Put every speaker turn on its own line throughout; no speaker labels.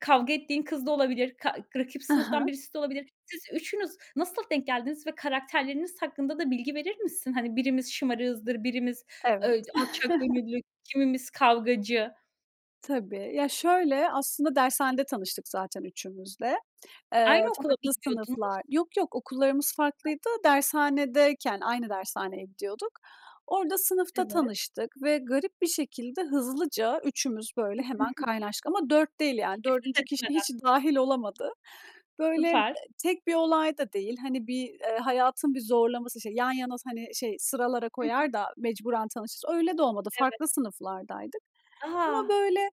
Kavga ettiğin kız da olabilir, ka rakip
Ha
sınıftan
ha.
birisi de olabilir. Siz 3'ünüz nasıl denk geldiniz ve karakterleriniz hakkında da bilgi verir misin? Hani, birimiz şımarığızdır, birimiz,
Evet.
ııı, d alçak gönüllü, kimimiz kavgacı.
Tabii. Ya şöyle, aslında dershanede tanıştık zaten 3'ümüz de. Eee,
Aynı okula mı
farklı
gidiyordunuz?
sınıflar. Yok yok, okullarımız
Hah.
farklıydı. Dershanedeyken aynı dershaneye gidiyorduk. Orada sınıfta
Evet.
tanıştık ve garip bir şekilde, hızlıca 3'ümüz böyle hemen kaynaştık ama 4 değil. Yani
[unintelligible]
4. kişi
etmeden.
hiç dâhil olamadı. Böyle, eee,
Süper.
tek bir olay da değil, hani bir, eee, hayatın bir zorlaması. İşte yan yana s hani, şey, sıralara
Hı hı.
koyar da mecburen tanışırız, öyle de olmadı.
Evet.
Farklı sınıflardaydık. Ama,
A!
böyle,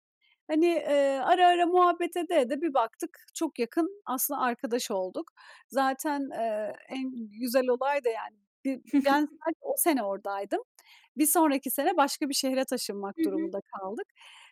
hani, eee ,ara ara muhabbet ede ede bir baktık, çok yakın aslında arkadaş olduk. Zaten, eee, en güzel olay da, yani, bir ben sadece o sene oradaydım. Bir sonraki sene başka bir şehre taşınmak
Hı hı.
durumunda kaldık.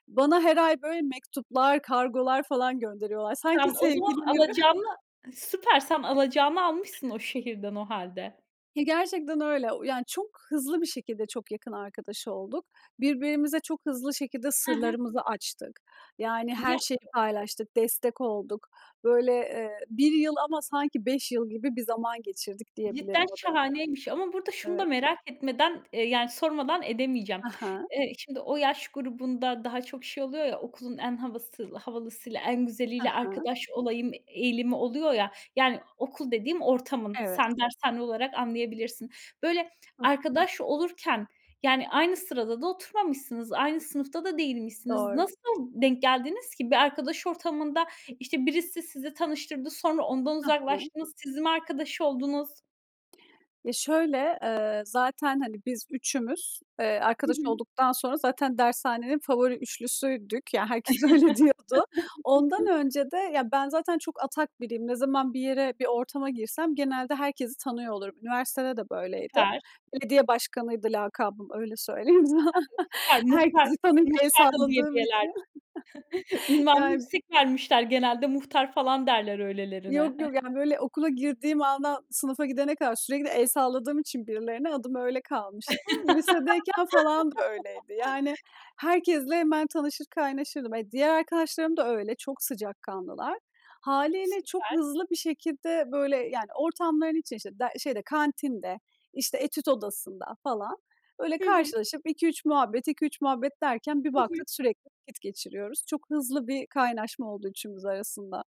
Bana her ay, böyle, mektuplar, kargolar falan gönderiyorlar. Sanki
Sen o zaman
sevgilileri.
alacağını
[unintelligible]
Süper. Sen alacağını almışsın o şehirden o hâlde.
Ya, gerçekten öyle. O yani çok hızlı bir şekilde çok yakın arkadaş olduk. Birbirimize çok hızlı şekilde
Ha ha.
sırlarımızı açtık. Yani her
Ya
şeyi paylaştık, destek olduk. Böyle, eee, 1 yıl ama sanki 5 yıl gibi bir zaman geçirdik diyebilirim
Cidden
o dönem.
şahaneymiş. Ama burada şunu da
Evet.
merak etmeden, eee, yani, sormadan edemeyeceğim.
Ha ha.
Eee, şimdi o yaş grubunda daha çok şey oluyor ya, okulun en havası havalısıyla, en
Ha
güzeliyle
ha.
arkadaş olayım, eee, eğilimi oluyor ya. Yani okul dediğim, ortamın,
Evet.
sen dershane olarak anlayabilirsin. Böyle,
Hıh.
arkadaş olurken yani aynı sırada da oturmamışsınız, aynı sınıfta da değilmişsiniz.
Doğru.
Nasıl denk geldiniz ki? Bir arkadaş ortamında, işte, birisi sizi tanıştırdı, sonra ondan
Ha ha.
uzaklaştınız, siz mi arkadaş oldunuz?
Ya şöyle, eee, zaten hani biz 3'ümüz, eee,
Hı
arkadaş
hı.
olduktan sonra zaten dershanenin favori 3'lüsüydük, ya herkes öyle diyordu. Ondan önce de, ya ben zaten çok atak biriyim, ne zaman bir yere, bir ortama girsem genelde herkesi tanıyor olurum. Üniversitede de böyleydi.
Süper.
"Belediye başkanı"ydı lakabım, öyle söyleyeyim sana.
[unintelligible] Süper. Muhtar
Herkesi tanıyıp el
muhtar da diye
salladığım
bilirlerdi.
için.
Ünvanı
Ya
yüksek vermişler, genelde muhtar falan derler öylelerine.
Yok yok, yani, böyle, okula girdiğim andan sınıfa gidene kadar sürekli el salladığım için birilerine adım öyle kalmıştı. Lisedeyken falan da öyleydi. Yani herkesle hemen tanışır, kaynaşırdım. E, diğer arkadaşlarım da öyle. Çok sıcakkanlılar. Hâliyle çok
Süper.
hızlı bir şekilde böyle yani ortamların içinde, işte der şeyde, kantinde, işte etüt odasında falan, böyle,
Hı hı.
karşılaşıp 2 3 muhabbet, 2 3 muhabbet derken bir
Hı hı.
baktık sürekli vakit geçiriyoruz. Çok hızlı bir kaynaşma oldu 3'ümüz arasında.